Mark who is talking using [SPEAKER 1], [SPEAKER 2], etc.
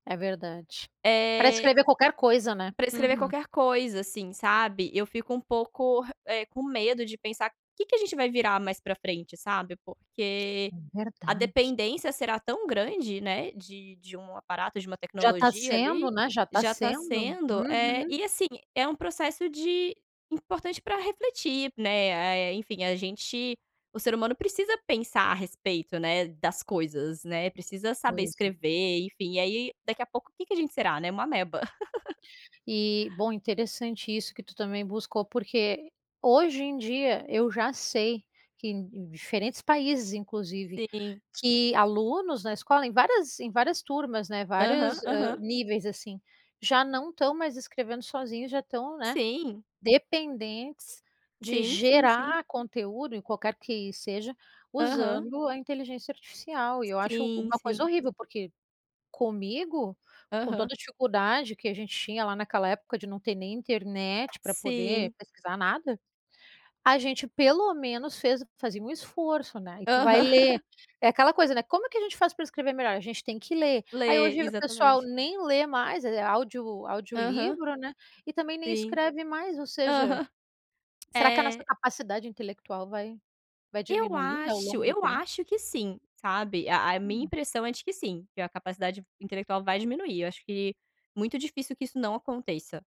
[SPEAKER 1] É verdade. Pra
[SPEAKER 2] É
[SPEAKER 1] escrever qualquer coisa, né.
[SPEAKER 2] Pra escrever
[SPEAKER 1] Uhum.
[SPEAKER 2] qualquer coisa, assim, sabe, eu fico um pouco re eh, com medo de pensar: "Que que a gente vai virar mais pra frente?", sabe, porque
[SPEAKER 1] É
[SPEAKER 2] a
[SPEAKER 1] verdade.
[SPEAKER 2] dependência será tão grande, né, de de um aparato, de uma
[SPEAKER 1] Já tá
[SPEAKER 2] tecnologia,
[SPEAKER 1] sendo,
[SPEAKER 2] ali,
[SPEAKER 1] né, já tá
[SPEAKER 2] já tá
[SPEAKER 1] sendo.
[SPEAKER 2] sendo, eh,
[SPEAKER 1] Uhum.
[SPEAKER 2] e assim, é um processo de importante pra refletir, né, ah, eh, enfim, a gente o ser humano precisa pensar a respeito, né, das coisas, né, precisa saber
[SPEAKER 1] Coisa.
[SPEAKER 2] escrever, enfim, e aí, daqui a pouco, que a gente será, né, uma ameba.
[SPEAKER 1] E, bom interessante isso que tu também buscou, porque, hoje em dia, eu já sei que em em diferentes países, inclusive,
[SPEAKER 2] Sim.
[SPEAKER 1] que alunos na escola, em várias em várias turmas, né,
[SPEAKER 2] Aham,
[SPEAKER 1] vários, hã,
[SPEAKER 2] aham.
[SPEAKER 1] níveis, assim, já não estão mais escrevendo sozinhos, já estão, né,
[SPEAKER 2] Sim.
[SPEAKER 1] dependentes de
[SPEAKER 2] Sim, sim, sim.
[SPEAKER 1] gerar conteúdo, em qualquer que seja,
[SPEAKER 2] Aham.
[SPEAKER 1] usando a inteligência artificial, e eu acho
[SPEAKER 2] Sim,
[SPEAKER 1] uma
[SPEAKER 2] sim.
[SPEAKER 1] coisa horrível, porque comigo, com
[SPEAKER 2] Aham.
[SPEAKER 1] toda a dificuldade que a gente tinha lá naquela época, de não ter nem internet pra poder
[SPEAKER 2] Sim.
[SPEAKER 1] pesquisar nada, a gente pelo menos fez fazia um esforço, né, e tu vai
[SPEAKER 2] Aham.
[SPEAKER 1] ler. É aquela coisa, né, como que a gente faz para escrever melhor? A gente tem que ler. Aí
[SPEAKER 2] Lê,
[SPEAKER 1] hoje o pessoal
[SPEAKER 2] exatamente.
[SPEAKER 1] nem lê mais, eh, é audio
[SPEAKER 2] Aham.
[SPEAKER 1] audiolivro, né, e também nem
[SPEAKER 2] Sim.
[SPEAKER 1] escreve mais, ou seja,
[SPEAKER 2] Aham.
[SPEAKER 1] será que a nossa
[SPEAKER 2] É.
[SPEAKER 1] capacidade intelectual vai vai
[SPEAKER 2] Eu
[SPEAKER 1] diminuir, né, ao
[SPEAKER 2] acho
[SPEAKER 1] longo do
[SPEAKER 2] eu
[SPEAKER 1] tempo?
[SPEAKER 2] acho que sim, sabe, a a minha
[SPEAKER 1] Hum.
[SPEAKER 2] impressão é de que sim, que a capacidade intelectual vai diminuir, eu acho que muito difícil que isso não aconteça.